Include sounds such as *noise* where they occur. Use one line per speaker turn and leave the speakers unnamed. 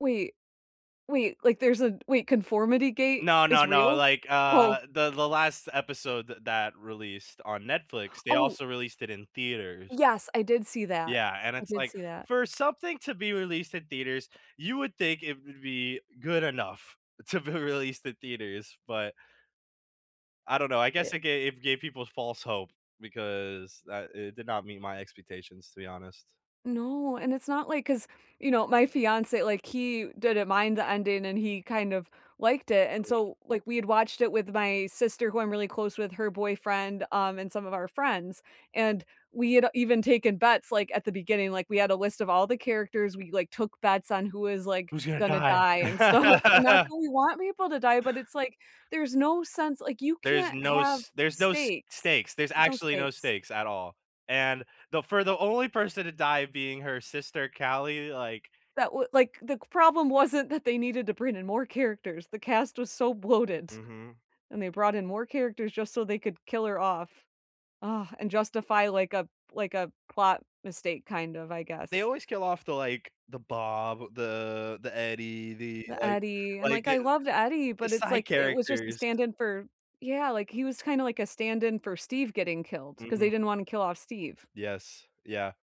Wait. Wait. Like there's a wait, conformity gate
No,
is
no, no,
real?
like,
Oh.
uh, the the last episode th that released on Netflix, they
Oh.
also released it in theaters.
Yes. I did see that
Yeah, and
I
it's
did
like
see that.
for something to be released in theaters, you would think it would be good enough to be released in theaters, but I don't know, I guess,
It
it gave it gave people false hope because that it did not meet my expectations, to be honest.
No, and it's not like, 'cause, you know, my fiancé, like, he didn't mind the ending and he kind of liked it, and
Hmm.
so, like, we had watched it with my sister who I'm really close with, her boyfriend, um, and some of our friends, and we had, uh, even taken bets, like, at the beginning, like, we had a list of all the characters, we, like, took bets on who was, like,
Who's gonna
gonna
die?
die and stuff. And not
*laughs*
that we want people to die, but it's like, there's no sense, like, you
There's
can't
no
have
s there's no s
stakes.
stakes, there's
There's no
actually no
stakes.
stakes at all, and the for the only person to die being her sister, Callie, like
That would like, the g problem wasn't that they needed to bring in more characters. The cast was so bloated,
Mhm.
and they brought in more characters just so they could kill her off, uh, and justify like a like a plot mistake kind of, I
They
guess.
always kill off the, like, the Bob, the the Eddie, the
The
like,
Eddie, and
like,
like, I
the
loved Eddie,
the
but it's
side
like, it was just a
characters.
stand in for yeah, like, he was kinda like a stand in for Steve getting killed 'cause they
Mhm.
didn't wanna kill off Steve.
Yes, yeah.